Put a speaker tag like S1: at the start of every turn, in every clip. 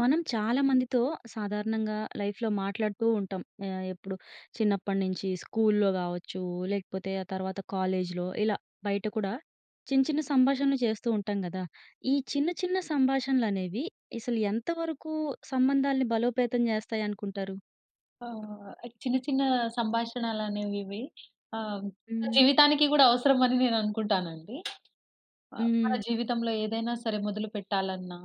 S1: మనం చాలా
S2: హ్మ్.
S1: మందితో సాధారణంగా లైఫ్‌లో మాట్లాడుతూ ఉంటాం. ఆహ్, ఎప్పుడు చిన్నప్పటినుంచి స్కూల్‌లో కావచ్చు, లేకపోతే ఆ తర్వాత కాలేజ్‌లో ఇలా. బయట కూడా చిన్న, చిన్న సంభాషణలు చేస్తూ ఉంటాం కదా! ఈ చిన్న, చిన్న సంభాషణలు అనేవి అసలు ఎంత వరకు సంబంధాల్ని బలోపేతం చేస్తాయనుకుంటారు?
S2: ఆ! చిన్న, చిన్న సంభాషణలనేవి ఇవి. ఆహ్,
S1: హ్మ్.
S2: జీవితానికి గూడా అవసరం అని నేను అనుకుంటానండి. ఆహ్, మన
S1: హ్మ్.
S2: జీవితంలో ఏదైనా సరే మొదలు పెట్టాలన్నా.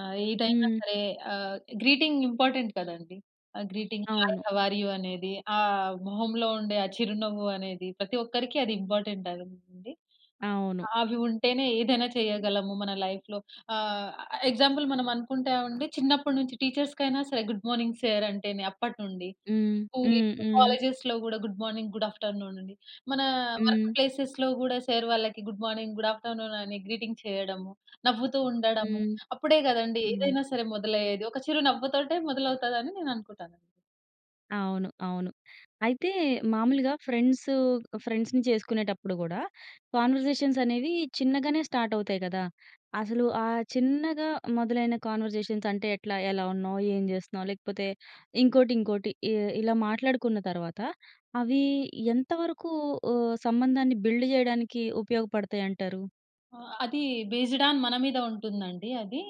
S2: ఆహ్, ఏదైనా
S1: హ్మ్.
S2: సరే ఆహ్, గ్రీటింగ్ ఇంపార్టెంట్ కదండీ. ఆ గ్రీటింగ్ హాయ్,
S1: అవును.
S2: హౌ ఆర్ యూ అనేది ఆహ్, మొహంలో ఉండే ఆ చిరునవ్వు అనేది ప్రతి ఒక్కరికి అది ఇంపార్టెంట్ అండి.
S1: అవును.
S2: అవి ఉంటేనే ఏదైనా చేయగలము మన లైఫ్‌లో. ఆహ్, ఎగ్జాంపుల్ మనం అనుకుంటామండి చిన్నప్పటి నుంచి టీచర్స్‌కైనా సరే, గుడ్ మార్నింగ్ సార్ అంటేనే అప్పటినుండి.
S1: హ్మ్.
S2: స్కూల్,
S1: హ్మ్. హ్మ్.
S2: కాలేజెస్‌లో గూడా good morning, good afternoon అని, మన వర్క్
S1: హ్మ్.
S2: ప్లేసెస్‌లో గూడా సార్ వాళ్ళకి good morning, good afternoon అని గ్రీటింగ్ చేయడము నవ్వుతూ ఉండడము.
S1: హ్మ్.
S2: అప్పుడే కదండీ
S1: అవును.
S2: ఏదైనా సరే మొదలయ్యేది ఒక చిరు నవ్వుతోటే మొదలవుతది అని నేను అనుకుంటాను.
S1: అవును. అవును. అయితే మామూలుగా ఫ్రెండ్సు ఫ్రెండ్స్‌ని చేసుకునేటప్పుడు కూడా, కాన్వర్జేషన్స్ అనేవి చిన్నగానే స్టార్ట్ అవుతాయి కదా? అసలు ఆ చిన్నగా మొదలైన కాన్వర్జేషన్స్ అంటే, ఎట్లా, ఎలా ఉన్నావ్, ఏం చేస్తున్నావ్, లేకపోతే ఇంకోటి, ఇంకోటి ఇ ఇలా మాట్లాడుకున్న తర్వాత, అవి ఎంతవరకు హ్మ్, ఆ సంబంధాన్ని బిల్డ్ చేయడానికి ఉపయోగపడతాయి అంటారు?
S2: ఆ! అది బేస్‌డ్ ఆన్ మన మీద ఉంటుందండి అది.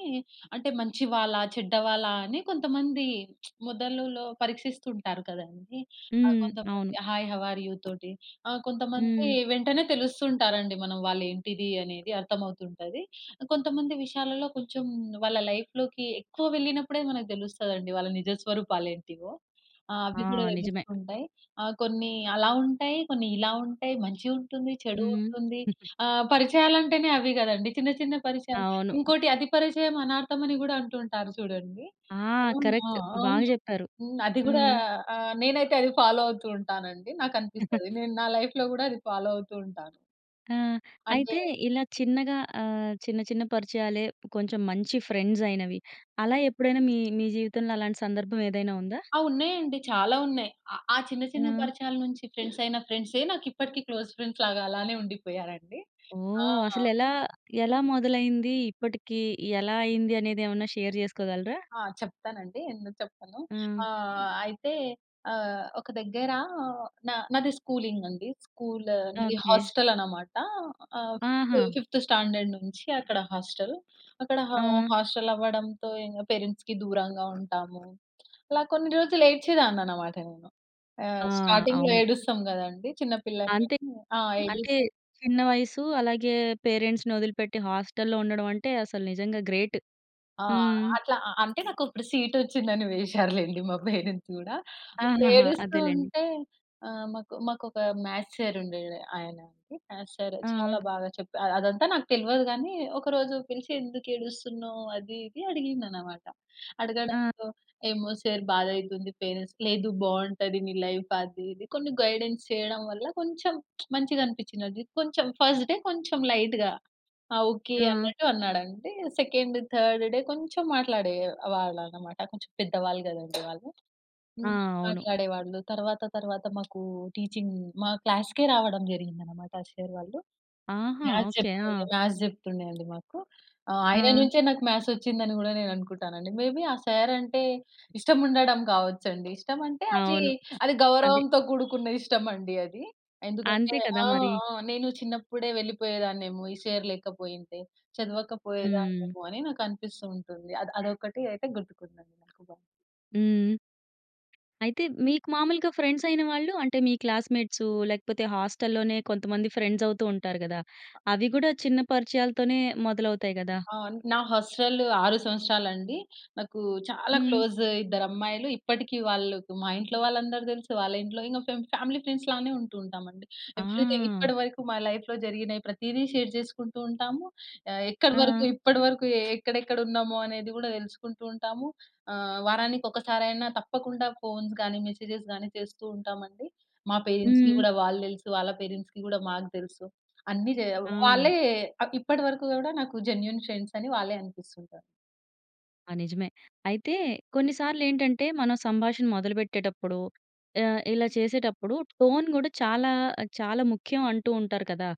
S2: అంటే, మంచి వాళ్ళా, చెడ్డవాళ్ళ అని. కొంతమంది మొదలులో పరీక్షిస్తుంటారు కదండీ. ఆహ్,
S1: హ్మ్. అవును.
S2: కొంతమంది హాయ్ హౌ ఆర్ యూ తోటి. ఆ!కొంతమంది
S1: హ్మ్.
S2: వెంటనే తెలుస్తు ఉంటారండి. మనం వాళ్ళు ఏంటిది అనేది అర్థమవుతుంటది. కొంతమంది విషయాలలో, కొంచెం వాళ్ళ లైఫ్‌లోకి ఎక్కువ వెళ్ళినప్పుడే మనకు తెలుస్తదండి వాళ్ళ నిజస్వరూపాలు ఏంటివో. ఆ!
S1: ఆ!
S2: అవి కూడా
S1: నిజమే.
S2: తెలుస్తూ ఉంటాయి. ఆహ్, కొన్ని అలా ఉంటాయి, కొన్ని ఇలా ఉంటాయి. మంచి ఉంటుంది. చెడు
S1: హ్మ్.
S2: ఉంటుంది. ఆ! పరిచయాలంటేనే అవి కదండీ. చిన్న, చిన్న పరిచయాలు.
S1: అవును.
S2: ఇంకోటి అతి పరిచయం అనార్థం అని కూడా అంటుంటారు చూడండి.
S1: ఆ!
S2: అవును. ఆ!
S1: కరెక్ట్ బాగా
S2: అవును.
S1: చెప్పారు.
S2: అది కూడా
S1: హ్మ్.
S2: ఆహ్, నేనైతే అది ఫాలో అవుతూ ఉంటానండి. నాకు అనిపిస్తది నేను నా లైఫ్‌లో కూడా అది ఫాలో అవుతూ ఉంటాను.
S1: ఆ!
S2: అంటే
S1: అయితే, ఇలా చిన్నగా అహ్, చిన్న, చిన్న పరిచయాలే కొంచెం మంచి ఫ్రెండ్సైనవి. అలా ఎప్పుడైనా మీ మీ జీవితంలో అలాంటి సందర్భం ఏదైనా ఉందా?
S2: ఆ! ఉన్నాయండి. చాలా ఉన్నాయి. ఆహ్, చిన్న, చిన్న
S1: ఆ!
S2: పరిచయాల నుంచి ఫ్రెండ్సైన ఫ్రెండ్సే నాకు ఇప్పటికి క్లోజ్ ఫ్రెండ్స్‌ లాగా అలానే ఉండిపోయారు అండి. ఆ!
S1: ఓహ్! అసలు ఎలా, ఎలా మొదలైంది? ఇప్పటికి ఎలా అయింది? అనేది ఏమన్నా షేర్ చేసుకోగలరా?
S2: ఆ! చెప్తానండి. ఎందుకు చెప్పను.
S1: ఆ!
S2: ఆహ్, అయితే ఆహ్, ఒక దగ్గర న నాది స్కూలింగండి. స్కూల్ నాది
S1: ఓకే.
S2: హోస్టలన్నమాట. ఆహ్, ఫి
S1: ఆహా!
S2: ఫిఫ్త్ స్టాండర్డ్ నుంచి, అక్కడ హోస్టల్. అక్కడ హ
S1: ఆ!
S2: హోస్టల్ అవ్వడంతో ఇంగ పేరెంట్స్‌కి దూరంగా ఉంటాము. అలా కొన్ని రోజులు ఏడ్చేదాన్ని అన్నమాట నేను.
S1: ఆ!
S2: ఆహ్, స్టార్టింగ్‌లో
S1: అవును.
S2: ఏడుస్తాం కదండీ, చిన్న పిల్లని
S1: అంతే.
S2: నేను ఆ!
S1: అంటే,
S2: ఏడుస్
S1: చిన్న వయసు. అలాగే పేరెంట్స్‌ని వదిలిపెట్టి హస్టల్‌లో ఉండడం అంటే అసలు నిజంగా గ్రేట్.
S2: ఆ!
S1: హ్మ్.
S2: అట్లా అ అంటే, నాకు అక్కడ సీటొచ్చింది అని వేసారు లెండి మా పేరెంట్స్ కూడా. ఇప్పుడు
S1: ఆహాహా!
S2: ఏడుస్తూ
S1: అదేలెండి.
S2: ఉంటే ఆహ్, మాకు మాకొక మ్యాథ్స్ సార్ ఉండే ఆయన అండి. మ్యాథ్స్ సార్
S1: ఆ!
S2: చాలా బాగా చెప్పార్ అదంతా నాకు తెల్వదు గాని ఒక రోజు పిలిచి, "ఎందుకు ఏడుస్తున్నావ్," అది ఇది అడిగింది అన్నమాట.
S1: ఆ!
S2: అడగడంతో, "ఏమో సార్ బాధ అయితుంది పేరెంట్స్" "లేదు బాగుంటది. నీ లైఫ్" అది, ఇది కొన్ని గైడెన్స్ చేయడం వల్ల, కొంచెం మంచిగా అనిపించింది. కొంచెం ఫర్స్ట్‌డె కొంచెం లైట్‌గా ఆ ఓకే,
S1: ఆ!
S2: అన్నట్టు అన్నాడంటే. సెకండ్, థర్డ్ డే కొంచెం మాట్లాడేవాళ్ళు అన్నమాట. కొంచెం పెద్దవాళ్ళు కదండీ వాళ్ళు.
S1: ఆ!
S2: హ్మ్.
S1: అవును.
S2: మాట్లాడేవాళ్ళు. తరువాత, తరువాత మాకు టీచింగ్ మా క్లాస్‌కె రావడం జరిగింది అన్నమాట. ఆ సార్ వాళ్ళు.
S1: ఆహా!
S2: Maths
S1: okay.
S2: చెప్తుంది
S1: ఆ!
S2: మ్యాథ్స్ చెప్తుండే అండి మాకు. ఆహ్, ఆయన
S1: ఆ!
S2: నుంచే నాకు మ్యాథ్స్ వచ్చింది అని కూడా నేను అనుకుంటాను అండి. మే బి ఆ సార్ అంటే, ఇష్టం ఉండడం కావచ్చు అండి. ఇష్టం అంటే,
S1: అవును.
S2: అది
S1: అదే.
S2: గౌరవంతో కూడుకున్న ఇష్టం అండి అది. ఎందుకంటే
S1: అంతే కదా
S2: ఆ!
S1: మరి.
S2: ఆ! నేను చిన్నప్పుడే వెళ్ళిపోయేదాన్నేమో ఈ సార్ లేకపోయింటే.
S1: హ్మ్.
S2: చదవకపోయేదాన్నేమో, అని నాకు అనిపిస్తూ ఉంటుంది. ఆద్ అదొకటి అయితే గుర్తుకుందండి నాకు బాగా.
S1: హ్మ్. అయితే, మీకు మాములుగా ఫ్రెండ్సయిన వాళ్ళు అంటే, మీ క్లాస్‌మెట్సూ లేకపోతే, హాస్టల్‌లోనే కొంతమంది ఫ్రెండ్సవుతూ ఉంటారు గదా!
S2: అ
S1: అవి గూడా చిన్న పరిచయాలతోనే మొదలవుతాయి గదా!
S2: అవును. నా హాస్టలు 6 సంవత్సరాలండి. నాకూ చాలా
S1: హ్మ్.
S2: క్లోజ్ ఇద్దరమ్మాయలు. ఇప్పటికీ వాళ్ళుకు మా ఇంట్లో వాళ్ళందరు తెలుసు. వాళ్ళింట్లో ఇంక ఫేమ్ ఫ్యామిలీ ఫ్రెండ్స్‌లానే ఉంటుంటాం అండి. ఎప్పుడైతే
S1: ఆహ్!
S2: ఇప్పడ వరకు మా లైఫ్‌లో జరిగినయి ప్రతీదీ షేర్ చేసుకుంటూ ఉంటాము. ఆహ్, ఎక్కడ వరకు
S1: ఆ!
S2: ఇప్పడ వరకు ఎ ఎక్కడెక్కడున్నామో అనేది గూడా తెలుసుకుంటూ ఉంటాము. ఆహ్, వారానికొకసారైనా తప్పకుండా ఫోన్స్ గానీ, మెసెజెస్ గానీ చేస్తూ ఉంటామండి. మా పేరెంట్స్‌కి
S1: హ్మ్.
S2: గూడా వాళ్ళు తెలుసు. వాళ్ళ పేరెంట్స్‌కి గూడా మాకు తెలుసు. అన్ని జెయ్యా
S1: ఆ!
S2: వాళ్ళే అ, ఇప్పటి వరకు గూడా నాకు జెన్యూన్ ఫ్రెండ్సని వాళ్ళే అనిపిస్తుంటారు.
S1: ఆ! నిజమే. అయితే, కొన్ని సార్లేంటంటే, మనం సంభాషణ మొదలుపెట్టేటప్పుడో ఆహ్, ఇలా చేసేటప్పుడు టోన్ గూడా చాలా చాలా ముఖ్యం అంటూ ఉంటారు కదా!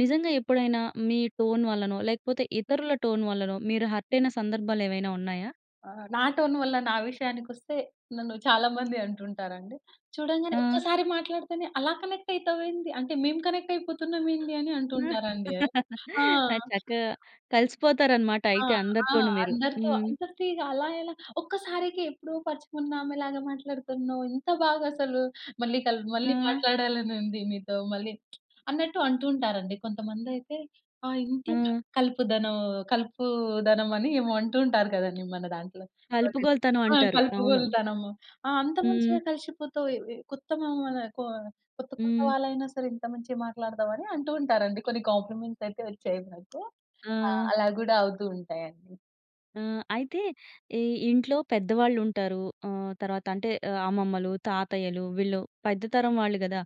S1: నిజంగా ఎప్పుడైనా మీ టోన్ వల్లనో, లేకపోతే, ఇతరుల టోన్ వల్లనో, మీరు హర్టయిన సందర్భాలు ఏవైనా ఉన్నాయా?
S2: ఆ! నా టోను వల్ల నా విషయానికొస్తే, నన్ను చాలా మంది అంటుంటారండి. "చూడంగానే
S1: ఆ!
S2: ఒక్కసారి మాట్లాడితేనే అలా కనెక్టయితావేంది, అంటే, మేము కనెక్టయిపోతున్నామేంది" అని అంటుంటారండీ. ఆ!
S1: ఆ! చక్కగా కలిసిపోతారు అనమాట
S2: ఆ!
S1: అయితే
S2: ఆ!
S1: అందరితోను మీరు.
S2: అందరితో
S1: హ్మ్.
S2: అందరితో ఇగ అలా ఎలా? ఒక్కసారికి ఎప్పుడో పరిచయమున్న ఆమెలాగే మాట్లాడుతున్నావు, ఇంత బాగా అసలు. మళ్ళీ కల్ మళ్ళీ
S1: ఆ!
S2: మాట్లాడాలని ఉంది మీతో. మళ్ళీ అన్నట్టు అంటూంటారండి. కొంతమందైతే, ఆహ్, ఇంట్లొ
S1: ఆ!
S2: కలుపుదనం కలుపూదనమని ఏమో అంటూ ఉంటారు కదండీ మన దాంట్లో. అది
S1: కలుపుగోలుతనం
S2: ఆ!
S1: అంటారు. అవును.
S2: కలుపుగోలుతనము. ఆ! అంత మంచిగా
S1: హ్మ్.
S2: కలిషిపోతావు. ఏ ఏ కొత్త మామాలే కొ కొత్త కొత్త
S1: హ్మ్.
S2: వాళ్ళైనా సరే ఇంత మంచిగ మాట్లాడతావని అంటూ ఉంటారండి. కొన్ని కాంప్లిమెంట్సయితే వొచ్చాయి నాకు. ఆ!
S1: ఆ!
S2: అలా గూడా అవుతూ ఉంటాయండి.
S1: ఆ! అయితే ఈ ఇంట్లో పెద్దవాళ్ళు ఉంటారు. ఆహ్, తర్వాత అంటే ఆహ్, అమ్మమ్మలు, తాతయ్యలు వీళ్ళు పెద్ద తరం వాళ్ళు గదా!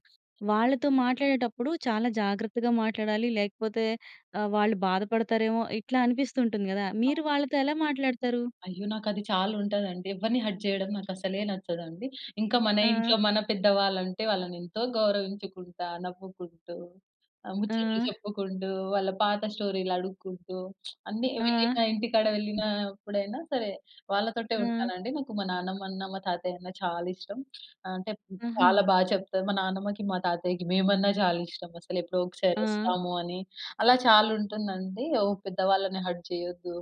S1: వాళ్ళతో మాట్లాడేటప్పుడు చాలా జాగ్రత్తగా మాట్లాడాలి. లేకపోతే ఆహ్, వాళ్ళు బాధపడతారేమో! ఇట్లా అనిపిస్తుంటుంది గదా!
S2: అవును.
S1: మీరు వాళ్ళతో ఎలా మాట్లాడతారు?
S2: అయ్యో! నాకు అది చాలా ఉంటదండి. ఎవరిని హర్ట్ చేయడం నాకు అసలే నచ్చదండి. ఇంకా మన
S1: ఆ!
S2: ఇంట్లో మన పెద్దవాళ్ళుంటే, వాళ్ళని ఎంతో గౌరవించుకుంటా, నవ్వుకుంటూ, ఆహ్, ముచ్చట్లు
S1: ఆ!
S2: చెప్పుకుంటూ, వాళ్ళ పాత స్టోరీలు అడుక్కుంటూ, అన్నీ
S1: ఆ!
S2: వెళ్ళిన ఇంటికాడ వెళ్ళినప్పుడైనా సరే, వాళ్ళతోటే
S1: ఆ!
S2: ఉంటానండి. నాకు మా నాన్నమ్మ అన్న, మా తాతయ్య అన్న చాలా ఇష్టం. అంటే
S1: ఆహా!
S2: చాలా బా చెప్తారు. మా నానమ్మకి, మా తాతయ్యకి మేమన్నా చాలా ఇష్టం అసలు. ఎప్పుడో ఒకసారి
S1: ఆ!
S2: ఒస్తాము అని, అలా చాలు ఉంటుందండి. ఓ పెద్ద వాళ్ళని హర్ట్ చేయొద్దు.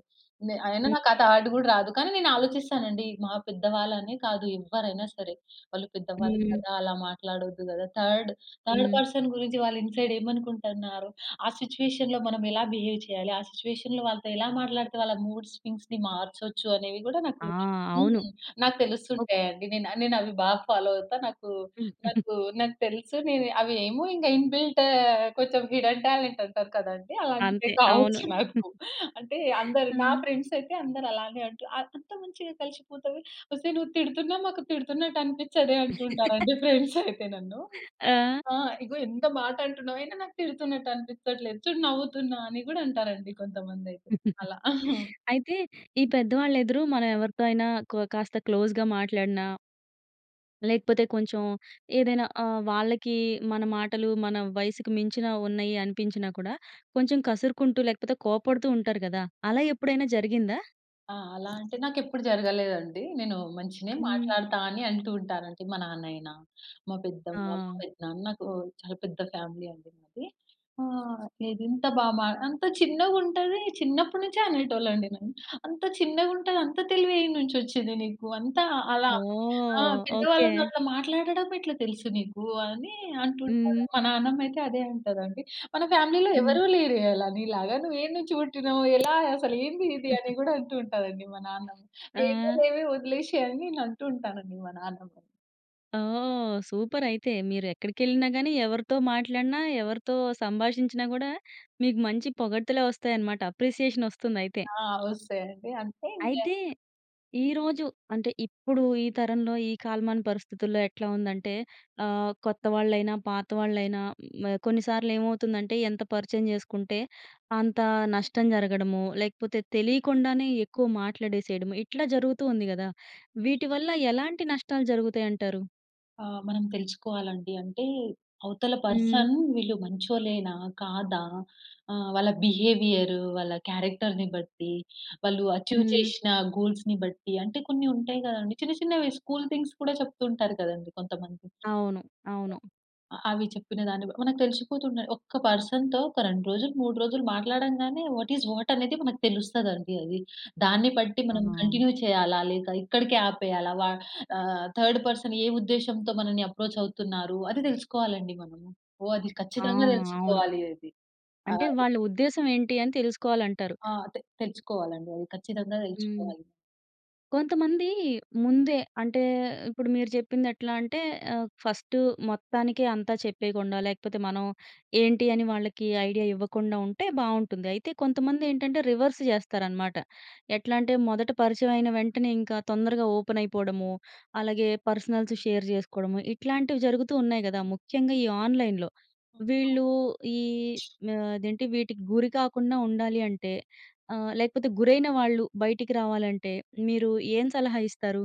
S2: నె అయినా
S1: హ్మ్.
S2: నాకు థాట్ గూడా రాదు. కానీ, నేను ఆలోచిస్తానండి. మా పెద్దవాళ్ళు అనే కాదు. ఎవ్వరైనా సరే. వాళ్ళు పెద్దవాళ్ళు
S1: హ్మ్.
S2: కదా! అలా మాట్లాడొద్దు కదా! థర్డ్ థర్డ్
S1: హ్మ్.
S2: పర్సన్ గురించి వాళ్ళు ఇన్సైడ్ ఏమనుకుంటున్నారు, ఆ సిట్యుయేషన్‌లో మనం ఎలా బిహేవ్ చేయాలి, ఆ సిట్యుయేషన్‌లో వాళ్ళతో ఎలా మాట్లాడితే వాళ్ళ మూడ్ స్వింగ్స్‌ని మార్చొచ్చు అనేవి గూడా
S1: ఆ!
S2: నాకు
S1: అవును.
S2: హ్మ్. నాకు
S1: ఒక
S2: తెలుస్తుంటాయండి. నేన్ అవి నేను అవి బాగా ఫాలో అవుతా. నాకు నాకు నాకు తెలుసు. నేను అవి ఏమో ఇంగా ఇన్బిల్ట్ కొంచెం హిడెన్ టాలెంట్ అంటారు కదా అండి. అలాంటివి
S1: అంతే. అవును.
S2: కావచ్చు నాకు. అంటే, అందరు
S1: ఆ!
S2: నా ఫ్రెండ్స్ అయితే అందరు అలానే అంటారు. "అంత మంచిగా కలిసిపోతది. ఒసేయ్! నువ్వు తిడుతున్నావ్, మాకు తిడుతున్నట్టు అనిపించదే" అంటుంటారండి ఫ్రెండ్స్ అయితే నన్ను.
S1: ఆ!
S2: ఆ! "ఇగో ఎంత మాట అంటున్నావు, నాకు తిడుతున్నట్టు అనిపించట్లేదు చూడు" నవ్వుతున్నా అని గూడా అంటారండి కొంతమంది అయితే. అలా.
S1: అయితే, ఈ పెద్దవాళ్ళ ఎదురు మనం ఎవరితో అయినా, కొ కాస్త క్లోజ్‌‌గా మాట్లాడినా... లేకపోతే కొంచెం ఏదైనా ఆహ్, వాళ్ళకి మన మాటలు, మన వయసుకు మించిన ఉన్నాయి అనిపించినా కూడా కొంచెం కసురుకుంటూ, లేకపోతే కోప్పడుతూ ఉంటారు గదా! అలా ఎప్పుడైనా జరిగిందా?
S2: ఆ! అలా అంటే నాకు ఎప్పుడు జరగలేదండి. నేను మంచినే
S1: హ్మ్.
S2: మాట్లాడుతా అని అంటూ ఉంటారు అండి. మా నాన్నైయినా. మా పెద్దమ్మ, మా
S1: ఆ!
S2: పెద్దనాన్న నాకు చాలా పెద్ద ఫ్యామిలీ అండి మాది. ఆ! నేను ఇంత బాగా "అంత చిన్నగా ఉంటది." చిన్నప్పటి నుంచే అనేటోళ్ళు అండి నన్ను. "అంత చిన్నగా ఉంటది అంత తెలివి ఏడ్నుంచి వచ్చిందే నీకు? అంతా అలా ఆ!
S1: ఓహ్! ఓకే.
S2: పెద్దవాళ్ళతో అట్లా మాట్లాడడం ఎట్లా తెలుసు నీకు?" అని అంటుంటారు.
S1: హ్మ్.
S2: మా నాన్నమ్మ అయితే అదే అంటదండి. "మన ఫ్యామిలీలో
S1: హ్మ్.
S2: ఎవరు లేరే అలా నీలాగా? నువ్వు ఏ‌డ్నుంచి పుట్టినవ్? ఎలా అసలు ఏంది ఇద?" అని కూడా అంటూ ఉంటారండి మా నాన్నమ్మ.
S1: ఆ!
S2: ఏమోలేవే వదిలేసేయ్ అని అంటూ ఉంటానండి మా నాన్నమ్మని.
S1: ఓహ్! సూపర్ అయితే. మీరు ఎక్కడికెళ్ళినా గానీ, ఎవరితో మాట్లాడినా, ఎవరితో సంభాషించినా గూడా, మీకు మంచి పొగడ్తలే వస్తాయన్నమాట. అప్రిసియేషన్ వస్తుందయితే.
S2: ఆ! వస్తాయండి. అంటే ఇంకా
S1: అయితే, ఈరోజు అంటే ఇప్పుడు ఈ తరంలో ఈ కాలమాన పరిస్థితుల్లో ఎట్లా ఉందంటే, ఆహ్, కొత్తవాళ్ళైనా, పాతవాళ్లైన, హ్మ్. కొన్నిసార్లేమవుతుందంటే, ఎంత పరిచయం చేసుకుంటే అంత నష్టం జరగడము. లేకపోతే తెలియకుండానే ఎక్కువ మాట్లాడేసేయడము. ఇట్లా జరుగుతూ ఉంది గదా! వీటివల్ల ఎలాంటి నష్టాలు జరుగుతాయి అంటారు?
S2: ఆహ్, మనం తెలుసుకోవాలి అండి. అంటే అవతల
S1: హ్మ్.
S2: పర్సన్. వీళ్ళు మంచోలేనా? కాదా? ఆహ్, వాళ్ళ బిహేవియర్. వాళ్ళ క్యారెక్టర్‌ని బట్టి. వాళ్ళు అచీవ్
S1: హ్మ్.
S2: చేషిన గూల్స్‌ని బట్టి అంటే కొన్ని ఉంటాయి గదండీ. చిన్న చిన్నవి స్కూల్ థింగ్స్ కూడా చెప్తూ ఉంటారు కదండీ కొంతమంది.
S1: అవును. అవును.
S2: అలా, అవి చెప్పిన దాన్ని మనకు తెలిసిపోతుంది. ఒక్క పర్సన్‌తో ఒక 2 రోజులు 3 రోజులు మాట్లాడంగానే వాట్ ఈస్ వాట్ అనేది మనకు తెలుస్తదండి అది. దాన్ని బట్టి మనం
S1: ఆ!
S2: కంటిన్యూ చేయాలా లేక ఇక్కడికే ఆపేయాలా వ ఆహ్, థర్డ్ పర్సన్ ఏ ఉద్దేశ్యంతో మనల్ని అప్రోచ్ అవుతున్నారు? అది తెలుసుకోవాలండి మనం. ఓహ్! అది
S1: ఆ!
S2: కచ్చితంగా
S1: అవును.
S2: తెలుసుకోవాలి అది. ఆ!
S1: అంటే వాళ్ళ ఉద్దేశం ఏంటి అని తెలుసుకోవాలి అంటారు.
S2: ఆ! తే తెచ్చుకోవాలండి. అది ఖచ్చితంగా
S1: హ్మ్.
S2: తెచ్చుకోవాలి.
S1: కొంతమంది ముందే అంటే ఇప్పుడు మీరు చెప్పింది ఎట్లా అంటే ఆహ్, ఫస్ట్ మొత్తానికే అంతా చెప్పేయకుండా లేకపోతే మనం ఏంటి? అని వాళ్ళకి ఐడియా ఇవ్వకుండా ఉంటే బావుంటుంది. అయితే కొంతమంది ఏంటంటే, రివర్స్ జేస్తారన్నమాట. ఎట్లా అంటే, మొదట పరిచయం అయిన వెంటనే ఇంకా తొందరగా ఓపెన్ అయిపోవడము. అలాగే పర్సనల్స్ షేర్ జేసుకోవడము. ఇట్లాంటివి జరుగుతూ ఉన్నాయి గదా! ముఖ్యంగా ఈ ఆన్లైన్‌లో
S2: హ్మ్.
S1: వీళ్ళు ఈ
S2: అవును.
S1: ఆహ్, అదేంటి వీటికి గురి కాకుండా ఉండాలి అంటే ఆహ్, లేకపోతే గురైన వాళ్ళు బయటికి రావాలంటే మీరు ఏం సలహా ఇస్తారు?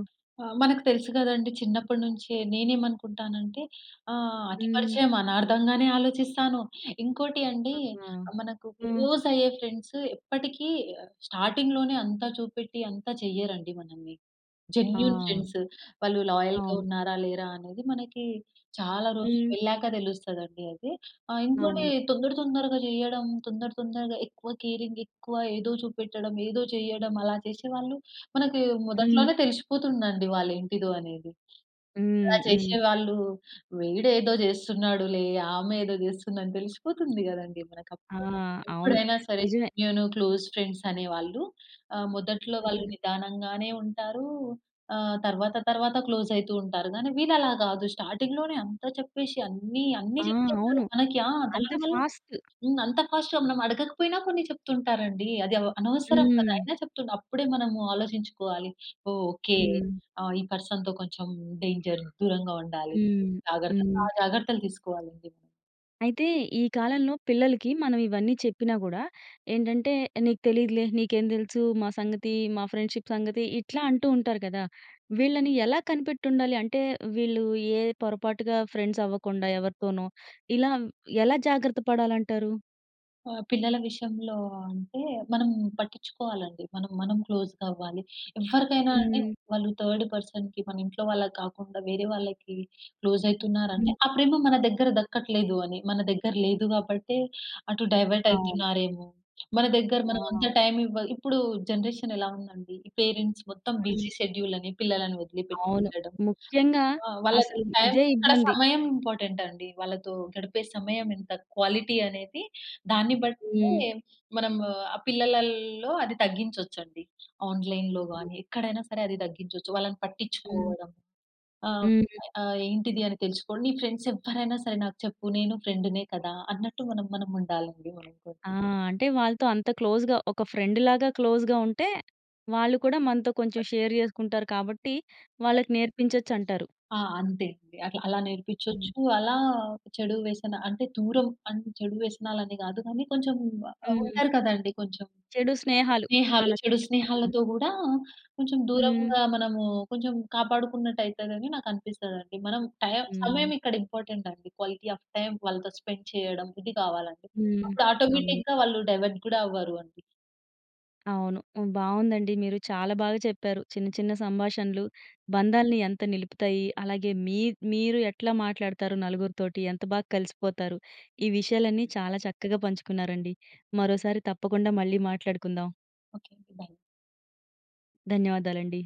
S2: మనకు తెలుసు కదండీ. చిన్నప్పడినుంచే. నేను ఏమనుకుంటాను అంటే. ఆహ్, అతి
S1: హ్మ్.
S2: పరిచయం అనార్ధంగానే ఆలోచిస్తాను. ఇంకోటి అండి.
S1: ఆహా!
S2: ఆహ్, మనకు
S1: హ్మ్.
S2: క్లోజ్ అయ్యే ఫ్రెండ్స్ ఎప్పటికి స్టార్టింగ్‌లోనే అంతా చూపెట్టి అంత చెయ్యరండి మనల్ని. జెన్యూన్
S1: ఆ!
S2: ఫ్రెండ్స్. వాళ్ళు లాయల్‌గా
S1: అవును.
S2: ఉన్నారా? లేరా? అనేది మనకి చాలా రోజులు
S1: హ్మ్.
S2: వెళ్ళాక తెలుస్తది అండి అది. ఆ! ఇంకోటి
S1: అవును.
S2: తొందర తొందరగా చేయడం. తొందర తొందరగా ఎక్కువ కేరింగ్. ఎక్కువ ఏదో చూపెట్టడం. ఏదో చేయడం. అలా చేషేవాళ్ళు మనకి
S1: హ్మ్.
S2: మొదట్లోనే తెలిసిపోతుందండి వాళ్ళ ఏంటిదో అనేది. అలా
S1: హ్మ్. హ్మ్.
S2: చేసేవాళ్ళు వీడు ఏదో చేస్తున్నాడులే. ఆమె ఏదో చేస్తుందని తెలిసిపోతుంది కదండీ మనకీ
S1: ఆ!
S2: అప్పుడే.
S1: అవును.
S2: ఎప్పుడైనా సరే
S1: నిజమే.
S2: నేను క్లోస్ ఫ్రెండ్స్ అనే వాళ్ళు. ఆహ్, మొదట్లో వాళ్ళు నిదానంగానే ఉంటారు. ఆహ్, తర్వాత తర్వాత క్లోస్ అయితూ ఉంటారు. గానీ వీళ్ళు అలా గాదు. స్టార్టింగ్‌లోనే అంతా చెప్పేషి అన్ని అన్ని
S1: ఆ!
S2: చెప్తూ ఉంటారు
S1: అవును.
S2: మనకి. ఆ!
S1: అంత
S2: దానివల్ల
S1: ఫాస్ట్!
S2: హ్మ్. అంత ఫాస్ట్‌గా మనం అడగకపోయినా కొన్ని చెప్తూ ఉంటారండి. అది అవ్ అనవసరం గదా!
S1: హ్మ్.
S2: అయినా చెప్తు అప్పుడే మనము ఆలోచించుకోవాలి. ఓహ్! ఓకే.
S1: హ్మ్.
S2: ఆ! ఈ పర్సన్‌తో కొంచెం డేంజర్. దూరంగా ఉండాలి.
S1: హ్మ్.
S2: జాగ్రత్త
S1: హ్మ్.
S2: ఆ జాగ్రత్తలు తీసుకోవాలండి.
S1: అయితే ఈ కాలంలో పిల్లలకి మనం ఇవన్నీ చెప్పినా గూడా ఏంటంటే, "నీకు తెలీదులే. నీకేం దెలుసు మా సంగతి. మా ఫ్రెండ్షిప్ సంగతి". ఇట్లా అంటూ ఉంటారు గదా! వీళ్ళని ఎలా కనిపెట్టుండాలి? అంటే వీళ్ళు ఏ పొరపాటుగా ఫ్రెండ్స్ అవ్వకుండా ఎవరితోనో ఇలా ఎలా జాగ్రత్త పడాలంటారు?
S2: ఆ! పిల్లల విషయంలో అంటే మనం పట్టిచ్చుకోవాలండి. మనం, మనం క్లోస్‌గా అవ్వాలి. ఎవ్వరికైనా అండి
S1: హుహు.
S2: వాళ్ళు థర్డ్ పర్సన్‌కి మన ఇంట్లో వాళ్ళకి కాకుండా వేరే వాళ్ళకి క్లోజ్
S1: హ్మ్.
S2: అయితున్నారంటే ఆ ప్రేమ మన దగ్గర దక్కట్లేదు అని. మన దగ్గర లేదు గాబట్టే అటు డైవర్ట్
S1: అవును.
S2: అయితున్నారేమో. మన దగ్గర మనం అంత
S1: ఆ!
S2: టైమ్ ఇవ్వాల్ ఇప్పుడు జనరేషన్ ఎలా ఉందండి? ఈ పేరెంట్స్ మొత్తం
S1: హ్మ్.
S2: బిజీ షెడ్యూల్ అని పిల్లలను వదిలి పెట్టి
S1: అవును.
S2: వెళ్ళడం.
S1: ముఖ్యంగా
S2: ఆ! వాళ్ళ
S1: అసలు
S2: టైమ్
S1: ఇదే
S2: ఇక్కడ
S1: ఇబ్బంది.
S2: సమయం ఇంపార్టెంట్ అండి. వాళ్ళతో గడిపే సమయం ఎంత క్వాలిటీ అనేది దాన్ని బట్టే,
S1: హ్మ్.
S2: మనం ఆ పిల్లలల్లో అది తగ్గించొచ్చండి. ఆన్‌లైన్‌లో గాని ఎక్కడైనా సరే అది తగ్గించొచ్చు. వాళ్ళని
S1: హ్మ్.
S2: పట్టిచ్చుకోవడం. ఆహ్,
S1: హ్మ్.
S2: ఆ ఏంటిది అని తెలుసుకొని నీ ఫ్రెండ్స్ ఎవ్వరైనా సరే నాకు చెప్పు నేను ఫ్రెండ్‌నే కదా! అన్నట్టు మనం, మనం ఉండాలండి వాళ్ళతో.
S1: ఆ! అంటే వాళ్ళతో అంత క్లోజ్‌గా ఒక ఫ్రెండ్‌లాగా క్లోజ్‌గా ఉంటే, వాళ్ళు కూడా మనతో
S2: ప
S1: కొంచెం షేర్ చేసుకుంటారు కాబట్టి వాళ్ళకి నేర్పించొచ్చంటారు.
S2: ఆ! అంతే అండి. అట్లా అలా
S1: హ్మ్.
S2: నేర్పిచ్చొచ్చు. అలా చెడు వ్యసనా అంటే దూరం అంటే చెడు వ్యసనాలు అని గాదు కానీ కొంచెం ఆహ్,
S1: హ్మ్.
S2: ఉంటారు కదండీ కొంచెం.
S1: చెడు స్నేహాలు
S2: స్నేహాలు,
S1: అనొచ్చు.
S2: చెడు
S1: ఆ!
S2: స్నేహాలతో గూడా కొంచెం
S1: హ్మ్.
S2: దూరంగా మనము కొంచెం కాపాడుకున్నట్టు అయితదని నాకు అనిపిస్తదండి. మనం టైమ్
S1: హ్మ్.
S2: సమయం ఇక్కడ ఇంపార్టెంట్ అండి. క్వాలిటీ ఆఫ్ టైమ్ వాళ్ళతో స్పెండ్ చేయడం ఇది గావాలండి.
S1: హ్మ్.
S2: అప్పుడు
S1: అవును.
S2: ఆటోమేటిక్‌గా వాళ్ళు డైవర్ట్ గూడా అవ్వరు అండి.
S1: అవును. హ్మ్. బావుందండి. మీరు చాలా బాగా చెప్పారు. చిన్న చిన్న సంభాషణలు బంధాల్ని ఎంత నిలుపుతాయి? అలాగే మీ మీరు ఎట్లా మాట్లాడతారు నలుగురితోటి? ఎంత బా కలిసిపోతారు? ఈ విషయాలన్నీ చాలా చక్కగా పంచుకున్నారండి. మరోసారి తప్పకుండా మళ్ళీ మాట్లాడుకుందాం.
S2: ఓకే అండి. బై.
S1: ధన్యవాదాలండి.